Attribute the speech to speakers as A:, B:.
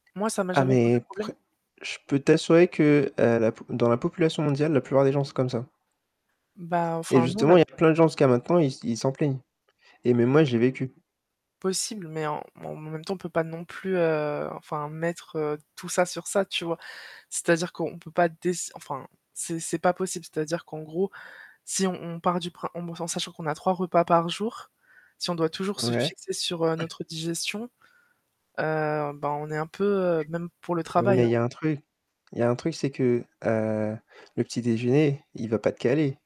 A: Moi, ça m'a
B: Ah
A: jamais posé
B: mais
A: problème.
B: prè je peux t'assurer que, heu, la dans la population mondiale, la plupart des gens sont comme ça.
A: Bah,
B: Et
A: enfin, nous, on a
B: justement il y a plein de gens jusqu'à maintenant, ils ils s'en plaignent. Et même moi, je l'ai vécu.
A: Possible, mais en bon, en même temps, on peut pas non plus heu, enfin, mettre, heu, tout ça sur ça, tu vois? C'est-à-dire qu'on peut pas, dess enfin c'est c'est pas possible, c'est-à-dire qu'en gros, si on on part du prin en sachant qu'on a 3 repas par jour, si on doit toujours se
B: Ouais.
A: fixer, sur, heu, notre digestion, heu, bah, on est un peu, heu, même pour le
B: Oui,
A: travail,
B: mais il
A: hein
B: y a un truc. Il y a un truc, c'est que, heu, le petit-déjeuner, il va pas te caler.